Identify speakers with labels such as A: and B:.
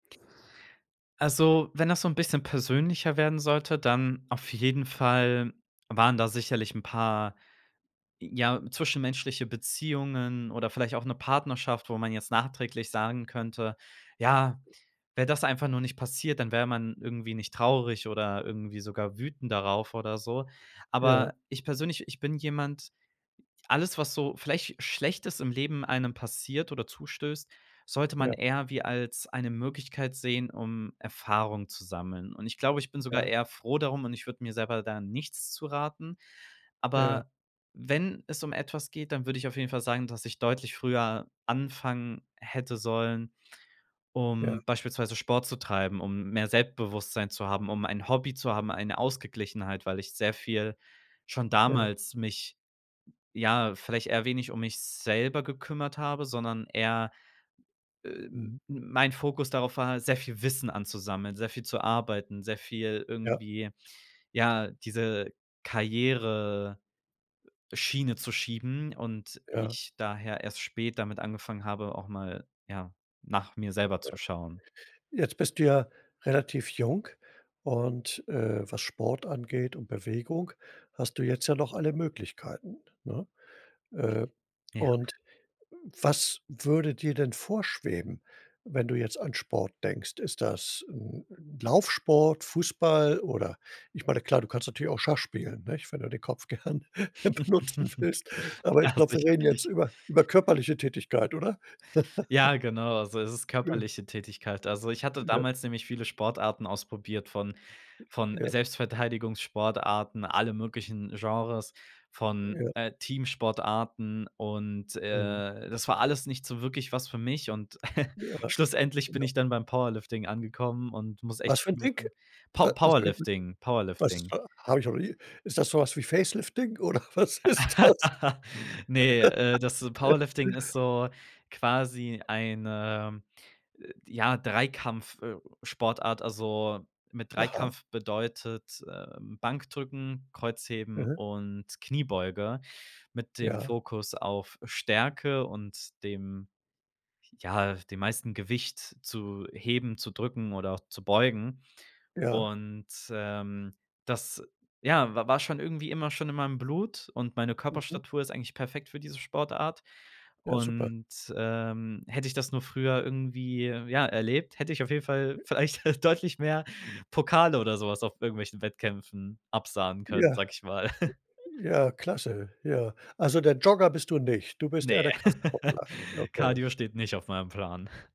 A: Also, wenn das so 'n bisschen persönlicher werden sollte, dann auf jeden Fall waren da sicherlich 'n paar, ja, zwischenmenschliche Beziehungen oder vielleicht auch 'ne Partnerschaft, wo man jetzt nachträglich sagen könnte: „Ja, wäre das einfach nur nicht passiert, dann wäre man irgendwie nicht traurig oder irgendwie sogar wütend darauf oder so.“
B: Ja.
A: Aber ich persönlich, ich bin jemand alles, was so vielleicht Schlechtes ist im Leben einem passiert oder zustößt, sollte man
B: Ja.
A: eher wie als eine Möglichkeit sehen, um Erfahrung zu sammeln. Und ich glaube, ich bin sogar
B: Ja.
A: eher froh darum und ich würde mir selber da nichts zu raten.
B: Ja.
A: Aber wenn es um etwas geht, dann würd ich auf jeden Fall sagen, dass ich deutlich früher anfangen hätte sollen,
B: Ja.
A: um beispielsweise Sport zu treiben, um mehr Selbstbewusstsein zu haben, um ein Hobby zu haben, eine Ausgeglichenheit, weil ich sehr viel schon
B: Ja.
A: damals mich, ja, vielleicht eher wenig um mich selber gekümmert habe, sondern eher, äh, m
B: Mhm.
A: mein Fokus darauf war, sehr viel Wissen anzusammeln, sehr viel zu arbeiten, sehr viel
B: Ja.
A: irgendwie, ja, diese Karriere Schiene zu schieben und
B: Ja.
A: ich daher erst spät damit angefangen habe, auch mal, ja, nach mir selber
B: Ja,
A: zu schauen.
B: jetzt bist du ja relativ jung und, äh, was Sport angeht und Bewegung hast du jetzt ja noch alle Möglichkeiten, ne? Äh,
A: Ja.
B: und was würde dir denn vorschweben, wenn du jetzt an Sport denkst? Ist das, hm, Laufsport, Fußball oder Ich meine, klar, du kannst natürlich auch Schach spielen, nicht, wenn du den Kopf gern benutzen willst, aber
A: Ja,
B: ich glaube, wir reden jetzt
A: sicherlich.
B: über über körperliche Tätigkeit, oder?
A: Ja, genau, so ist es
B: [unintelligible]
A: körperliche Tätigkeit. Also, ich hatte
B: [unintelligible]
A: damals nämlich viele Sportarten ausprobiert, von von
B: Ja.
A: Selbstverteidigungssportarten, alle möglichen Genres, von,
B: Ja.
A: äh, Teamsportarten, und,
B: Mhm.
A: äh, das war alles nicht so wirklich was für mich. Und
B: Ja.
A: schlussendlich bin
B: Ja.
A: ich dann beim Powerlifting angekommen und muss echt
B: Was für 'n
A: zu
B: Ding?
A: [unintelligible]
B: Wa
A: Pow
B: [unintelligible]
A: Powerlifting.
B: Was ist
A: Powerlifting.
B: da hab ich noch nie Ist das so was wie Facelifting oder was ist das?
A: Ne, äh, das Powerlifting ist so quasi ein, ähm, ja, Dreikampf äh, Sportart. Also, mit
B: Aha.
A: Dreikampf bedeutet, ähm, Bankdrücken, Kreuzheben
B: Mhm.
A: und Kniebeuge mit dem
B: Ja.
A: Fokus auf Stärke und dem ja, dem meisten Gewicht zu heben, zu drücken oder auch zu beugen.
B: Ja.
A: Und, ähm, das, ja, wa war schon irgendwie immer schon in meinem Blut, und meine
B: Mhm.
A: Körperstatur ist eigentlich perfekt für diese Sportart.
B: Ja, super.
A: Und, ähm, hätte ich das nur früher irgendwie, ja, erlebt, hätte ich auf jeden Fall vielleicht deutlich mehr Pokale oder so was auf irgendwelchen Wettkämpfen absahnen können,
B: Ja.
A: sag ich mal.
B: Ja, klasse. Ja. Also, der Jogger bist du nicht. Du bist eher
A: Ne.
B: der Kraftsportler. Okay.
A: Cardio steht nicht auf meinem Plan.